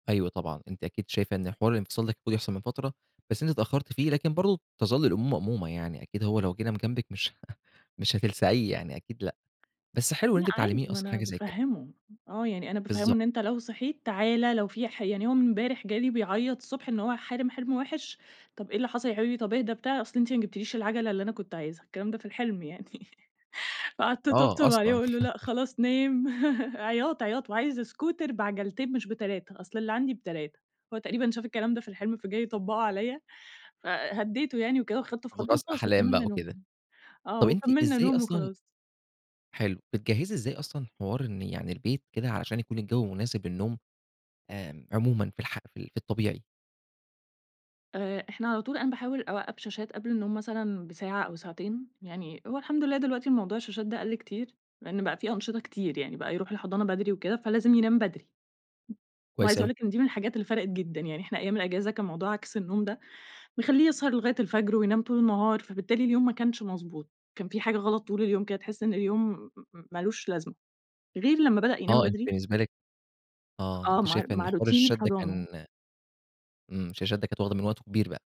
أيوه طبعًا، أنتِ أكيد شايفة إن حوار الإنفصال ده كان المفروض يحصل من فترة، بس أنتِ اتأخّرتِ فيه، لكن برضه تَظَل الأمور مأمومة. يعني أكيد هو لو جِه نام جنبك، مش ه مش هتلسعيه يعني، أكيد لأ. بس حلو إن لأ أنتِ عادي، بتعلّميه ما أصلًا أنا حاجة زي كده. بافهِّمه، آه، يعني أنا بافهِّمه بالضبط. إن "أنت لو صحيت، تعال." لو في ح يعني هو إمبارح جالي بيعيّط الصبح إن هو حالم حِلم وِحش، طب "إيه اللي حصل يا حبيبي، طب إهدى." بتاع، "أصل أنتِ ما جبتيليش العجلة اللي أنا كنت عايزها." الكلام ده في الحِلم يعني. فقعدت آه، أطبطب عليه أصلًا. وأقول له: "لأ، خلاص نام." عياط، عياط، "وعايز اسكوتر بعجلتين مش ب3 أصل اللي عندي ب3." هو تقريبًا شاف الكلام ده في الحِلم فجاي يطبّقه عليّا. فهدّيته يعني وكده وخدته في حُضني أضغاث وخلاص أحلام بقى وكملنا وكده. نوم، آه. طب أنتِ وكمّلنا إزاي نوم أصلًا وخلاص. حلو. بتجهّزي إزاي أصلًا حوار إن يعني البيت كده، علشان يكون الجو مناسب للنوم، آمم عمومًا في الح في ال في الطبيعي؟ آآ، إحنا على طول أنا باحاول أوقّف شاشات قبل النوم مثلًا بساعة أو ساعتين. يعني هو الحمد لله دلوقتي الموضوع الشاشات ده قَل كتير، لإن بقى في أنشطة كتير، يعني بقى يروح الحضانة بدري وكده، فلازم ينام بدري. كويس وعايزة أقول أوي. لِك إن دي من الحاجات اللي فَرَقت جدًا. يعني إحنا أيام الأجازة كان موضوع عكس النوم ده بيخلّيه يسهر لغاية الفجر وينام طول النهار، فبالتالي اليوم ما كانش مضبوط، كان في حاجة غلط طول اليوم كده تحس إن اليوم م مالوش لازمة. غير لمّا بدأ ينام آه، أنتِ بدري بالنسبة لِك أ آه. آه. أنتِ مع شايفة إن مع حوار روتين الشاشات ده الحضانة. كان إمم، الشاشات ده كانت واخدة من وقته كبير بقى.